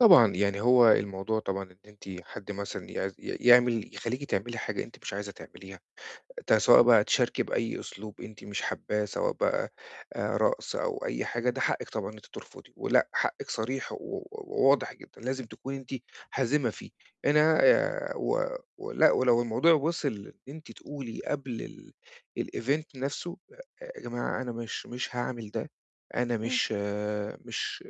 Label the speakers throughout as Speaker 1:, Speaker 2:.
Speaker 1: طبعًا. يعني هو الموضوع طبعًا إن أنتِ حد مثلًا يع يعمل يخلّيكِ تعملي حاجة أنتِ مش عايزة تعمليها، ده سواء بقى تشاركي بأي أسلوب أنتِ مش حاباه، سواء بقى، آآ، رقص أو أي حاجة، ده حقِّك طبعًا إن أنتِ ترفضي، ولأ، حقِّك صريح و و واضح جدًا، لازم تكوني أنتِ حازمة فيه. أنا، آآ، و ولأ، ولو الموضوع وصل إن أنتِ تقولي قبل الEvent نفسه، يا جماعة أنا مش مش هاعمل ده، أنا
Speaker 2: امم.
Speaker 1: مش مش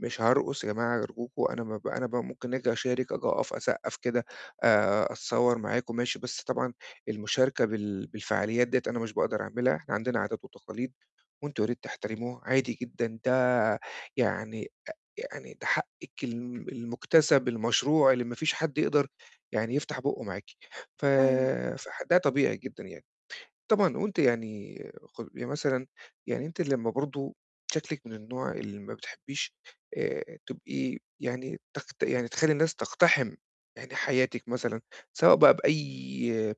Speaker 1: مش هارقص يا جماعة أرجوكم، أنا ما ب أنا ب ممكن آجي أشارِك، آجي أقف، أسقّف كده، آآ، أتصور معاكم، ماشي، بس طبعًا المشاركة بال بالفعاليات ديّة أنا مش باقدر أعملها، إحنا عندنا عادات وتقاليد، وأنتم يا ريت تحترموها. عادي جدًا، ده يعني، أ يعني ده حقِّك ال المُكتسب، المشروع اللي ما فيش حد يقدر يعني يفتح بُقُّه معاكِ. ف
Speaker 2: أيوه.
Speaker 1: فح ده طبيعي جدًا يعني. طبعًا وأنتِ يعني خُ يعني مثلًا يعني أنتِ لمّا برضو شكلِك من النوع اللي ما بتحبيش، آآ، تبقي يعني تقت يعني تخلّي الناس تقتحم يعني حياتِك مثلًا، سواء بقى بأي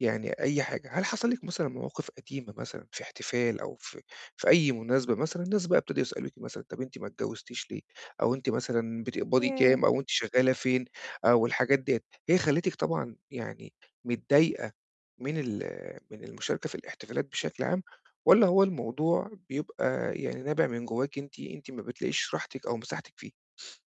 Speaker 1: يعني أي حاجة. هل حصل لِك مثلًا مواقف قديمة مثلًا في احتفال أو في في أي مناسبة مثلًا، ناس بقى ابتدوا يسألوكِ مثلًا "طب أنتِ ما اتجوزتيش ليه؟" أو "أنتِ مثلًا بتقبضي كام؟"
Speaker 2: ياه!
Speaker 1: أو "أنتِ شغّالة فين؟" أو الحاجات ديّة، هي خلِّتِك طبعًا يعني متضايقة من ال من المشاركة في الاحتفالات بشكل عام؟ والّا هو الموضوع بيبقى يعني نابع من جوّاكِ أنتِ، أنتِ ما بتلاقيش راحتِك أو مساحتِك فيه؟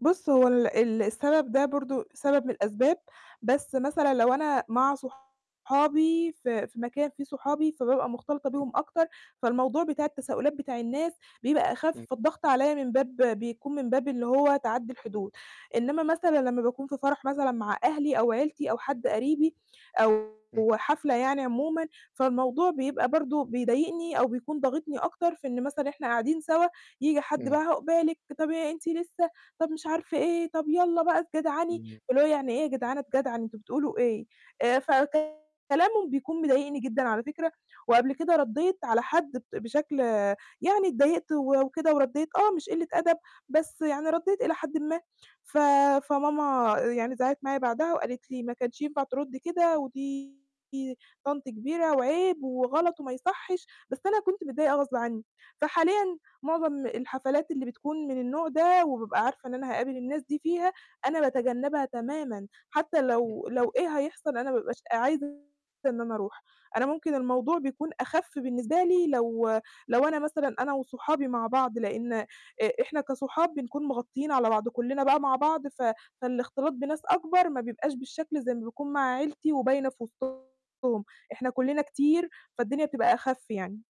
Speaker 2: بُص هو ال السبب ده برضو، سبب من الأسباب، بس مثلًا لو أنا مع صُحابي، في في مكان فيه صُحابي، فبابقى مختلطة
Speaker 1: [unintelligible]
Speaker 2: بيهم أكتر، فالموضوع بتاع التساؤلات بتاع الناس بيبقى أخف،
Speaker 1: امم.
Speaker 2: فالضغط عليَّ من باب بيكون من باب اللي هو تَعَدّي الحدود. إنّما مثلًا لمّا باكون في فرح مثلًا مع أهلي أو عيلتي أو حد قريبي، أو
Speaker 1: امم.
Speaker 2: حفلة يعني عمومًا، فالموضوع بيبقى برضو بيضايقني أو بيكون ضاغطني أكتر في إن مثلًا إحنا قاعدين سوا، ييجي حد
Speaker 1: امم.
Speaker 2: بقى "عُقبالِك" طَب "إيه أنتِ لسه؟" طَب مش عارف إيه؟ طَب "يالّا بقى اتجدعني."
Speaker 1: جميل.
Speaker 2: فاللي هو يعني إيه يا جدعان اتجدعن؟ أنتم بتقولوا إيه؟ آآ
Speaker 1: [unintelligible]
Speaker 2: فكلامهم بيكون مضايقني جدًا على فكرة، وقبل كده ردّيت على حد بت بشكل يعني اتضايقت وكده وردّيت، آه مش قِلّة أدب، بس يعني ردّيت إلى حدٍ ما. ف فماما آآ يعني زعقِّت معايا بعدها وقالِت لي: "ما كانش ينفع تردي كده، ودي طنط كبيرة، وعيب، وغلط وما يصحش." بس أنا كنت متضايقة غصب عنّي. فحاليًا معظم الحفلات اللي بتكون من النوع ده، وبابقى عارفة إن أنا هاقابل الناس دي فيها، أنا باتجنبها تمامًا، حتى لو
Speaker 1: [unintelligible]
Speaker 2: لو إيه هيحصل أنا ما ببقاش عايزة إن أنا أروح. أنا ممكن الموضوع بيكون أخَفّ بالنسبة لي لو لو أنا مثلًا أنا وصُحابي مع بعض، لإن آآ إحنا كصُحاب بنكون مغطيين على بعض، كُلّنا بقى مع بعض، ف فالاختلاط بناس أكبر ما بيبقاش بالشكل زي ما بيكون مع عيلتي وباينة في وسطهم، إحنا كُلّنا كتير، فالدنيا بتبقى أخَفّ يعني.